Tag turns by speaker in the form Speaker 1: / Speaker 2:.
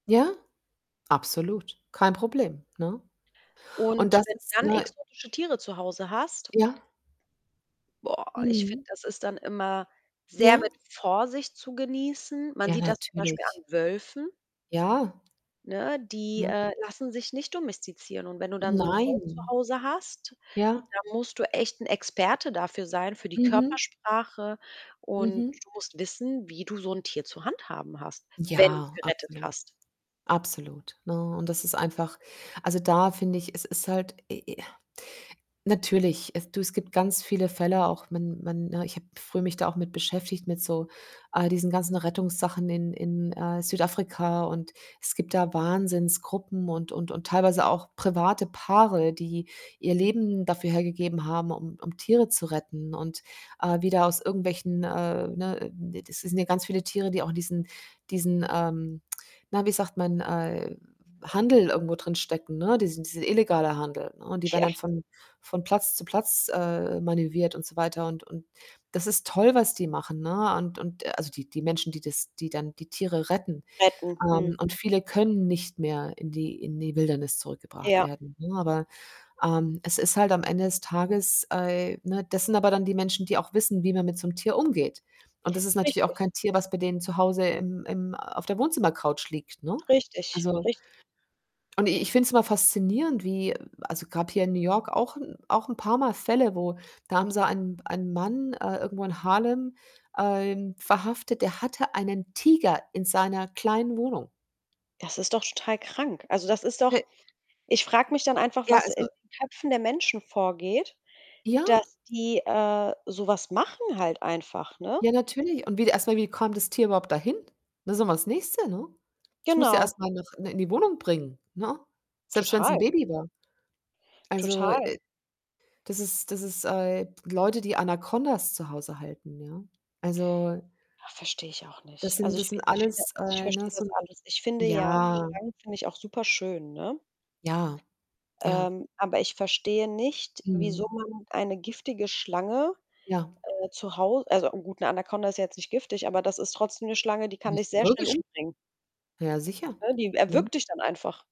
Speaker 1: Ja, absolut, kein Problem, ne? Und
Speaker 2: Und
Speaker 1: das
Speaker 2: wenn du
Speaker 1: ist,
Speaker 2: dann
Speaker 1: ne
Speaker 2: exotische Tiere zu Hause hast
Speaker 1: Ja?
Speaker 2: boah, ich finde,
Speaker 1: Mhm.
Speaker 2: das ist dann immer sehr mit
Speaker 1: Ja.
Speaker 2: Vorsicht zu genießen. Man
Speaker 1: Ja,
Speaker 2: sieht das zum Beispiel
Speaker 1: natürlich.
Speaker 2: an Wölfen.
Speaker 1: Ja.
Speaker 2: Ne, die,
Speaker 1: Ne?
Speaker 2: äh, lassen sich nicht domestizieren. Und wenn du dann so 'n Wolf zu
Speaker 1: Nein.
Speaker 2: Hause hast,
Speaker 1: Ja.
Speaker 2: dann musst du echt 'n Experte dafür sein für die
Speaker 1: Mhm.
Speaker 2: Körpersprache und
Speaker 1: Mhm.
Speaker 2: du musst wissen, wie du so 'n Tier zu handhaben hast, wenn du's
Speaker 1: Ja,
Speaker 2: gerettet
Speaker 1: absolut,
Speaker 2: hast.
Speaker 1: absolut, ne, und das ist einfach also, da finde ich, es ist halt, äh äh natürlich, es du, es gibt ganz viele Fälle auch, wenn wenn, ne ich habe früh mich da auch mit beschäftigt mit so all diesen ganzen Rettungssachen in in, äh, Südafrika und es gibt da Wahnsinnsgruppen und und und teilweise auch private Paare, die ihr Leben dafür hergegeben haben, um um Tiere zu retten und, äh, wieder aus irgendwelchen, äh, ne d das sind ja ganz viele Tiere, die auch in diesen diesen, ähm na, wie sagt man? Äh, Handel irgendwo drinstecken, ne? Diesen diese illegaler Handel, ne, und die werden
Speaker 2: Tja.
Speaker 1: dann von von Platz zu Platz, äh, manövriert und so weiter. Und und das ist toll, was die machen, ne, und und also die die Menschen, die das die dann die Tiere retten.
Speaker 2: Retten, hm.
Speaker 1: Ähm, und viele können nicht mehr in die in die Wildnis zurückgebracht
Speaker 2: Ja.
Speaker 1: werden, ne, aber, ähm, es ist halt am Ende des Tages, äh ne, das sind aber dann die Menschen, die auch wissen, wie man mit so 'nem Tier umgeht. Und das ist natürlich auch
Speaker 2: Richtig.
Speaker 1: kein Tier, was bei denen zu Hause im im auf der Wohnzimmercouch liegt, ne?
Speaker 2: Richtig,
Speaker 1: Also
Speaker 2: richt
Speaker 1: und i ich finde es immer faszinierend wie also, gab hier in New York auch auch 'n auch 'n paarmal Fälle, wo da haben sie ein einen Mann, äh, irgendwo in Harlem, ähm, verhaftet, der hatte einen Tiger in seiner kleinen Wohnung.
Speaker 2: Das ist doch total krank. Also, das ist doch
Speaker 1: He
Speaker 2: ich frage mich dann einfach,
Speaker 1: Ja,
Speaker 2: was in
Speaker 1: also
Speaker 2: den Köpfen der Menschen vorgeht,
Speaker 1: Ja.
Speaker 2: dass die, äh, so was machen halt einfach, ne?
Speaker 1: Ja, natürlich. Und wie erstmal, wie kam das Tier überhaupt dahin? Das ist ja mal das Nächste, ne? Es muss ja
Speaker 2: Genau.
Speaker 1: erst mal noch in in die Wohnung bringen, ne? Selbst wenn's 'n
Speaker 2: Total.
Speaker 1: Baby war. Also,
Speaker 2: Total.
Speaker 1: äh, das ist das ist äh, Leute, die Anakondas zu Hause halten, ja, also
Speaker 2: Ha, verstehe ich auch
Speaker 1: das
Speaker 2: nicht.
Speaker 1: sind
Speaker 2: Also, ich
Speaker 1: das sind
Speaker 2: ich finde
Speaker 1: alles,
Speaker 2: das ich
Speaker 1: äh, ne,
Speaker 2: verstehe das
Speaker 1: so 'n
Speaker 2: alles. Ich finde ja
Speaker 1: ja.
Speaker 2: Schlangen finde ich auch superschön, ne
Speaker 1: Ja. Ja.
Speaker 2: ähm, aber ich verstehe nicht, wieso
Speaker 1: Mhm.
Speaker 2: man eine giftige Schlange,
Speaker 1: Ja.
Speaker 2: äh, zu Hau also a gut, 'ne Anakonda ist jetzt nicht giftig, aber das ist trotzdem 'ne Schlange, die kann dich
Speaker 1: Ist 'ne
Speaker 2: sehr schnell
Speaker 1: Würgeschlang
Speaker 2: umbringen
Speaker 1: Ja, sicher,
Speaker 2: ne? Die
Speaker 1: ne?
Speaker 2: erwürgt dich dann einfach.